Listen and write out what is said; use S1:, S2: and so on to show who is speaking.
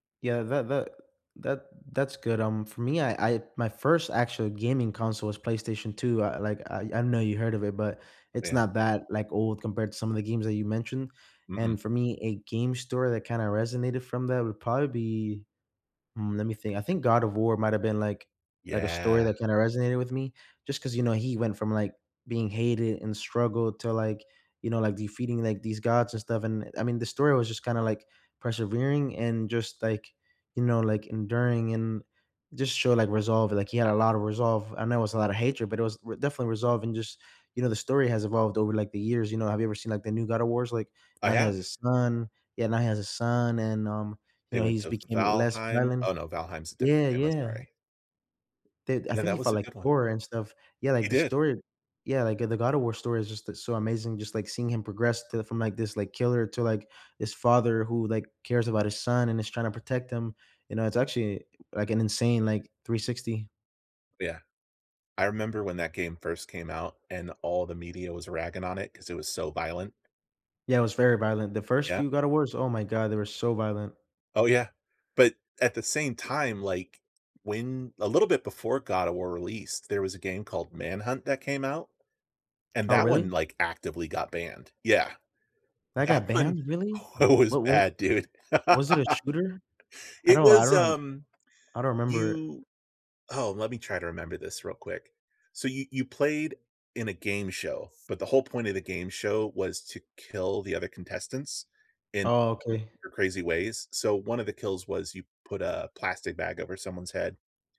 S1: Yeah, tha that that that's good. Um, for me, I I my first actual gaming console was PlayStation 2, uh, like, I I know you heard of it, but it's
S2: Yeah.
S1: not that, like, old compared to some of the games that you mentioned,
S2: Mm-mm.
S1: and for me, a game story that kinda resonated from that would probably be mm, lemme think I think God of War might have been, like like a story
S2: Yeah.
S1: that kinda resonated with me, just 'cause, you know, he went from, like, being hated and struggled to, like, you know, like, defeating, like, these gods and stuff, and, uh I mean, the story was just kinda, like, persevering and just, like, you know, like, enduring and just show, like, resolve like, he had a lotta resolve. I know it was a lotta hatred, but it was r definitely resolving, just you know, the story has evolved over, like, the years. You know, have you ever seen, like, the new God of Wars? Like,
S2: I
S1: now he has a
S2: have.
S1: son yeah, now he has a son, and, um, you
S2: They
S1: know,
S2: went
S1: he's
S2: to V
S1: became less
S2: Valheim.
S1: violent.
S2: Oh, no, Valheim's a different
S1: Yeah,
S2: game, I'm
S1: yeah.
S2: sorry.
S1: The I
S2: Yeah,
S1: think he
S2: that was
S1: fought,
S2: a
S1: like,
S2: good one.
S1: Thor and stuff. Yeah, like,
S2: He
S1: the
S2: did.
S1: stor yeah, like, uh, the God of War story is just a so amazing. Just, like, seeing him progress to from, like, this, like, killer to, like, this father who, like, cares about his son and is trying to protect him. You know, it's actually, like, an insane, like, 360.
S2: Yeah. I remember when that game first came out and all the media was ragging on it 'cause it was so violent.
S1: Yeah, it was very violent. The first
S2: Yeah.
S1: few God of Wars oh my god, they were so violent.
S2: Oh, yeah. But at the same time, like, when a little bit before God of War released, there was a game called Manhunt that came out, and
S1: Oh,
S2: that one,
S1: really?
S2: like, actively got banned. Yeah.
S1: That
S2: That
S1: got
S2: one
S1: banned, really?
S2: oh, it was
S1: What wa
S2: bad, dude.
S1: was it a shooter? I
S2: It
S1: don't I
S2: was,
S1: run
S2: um
S1: I don't 'member it.
S2: you oh, let me try to remember this real quick. So, you you played in a game show, but the whole point of the game show was to kill the other contestants in
S1: Oh, okay.
S2: your crazy ways. So, one of the kills was you put a plastic bag over someone's head.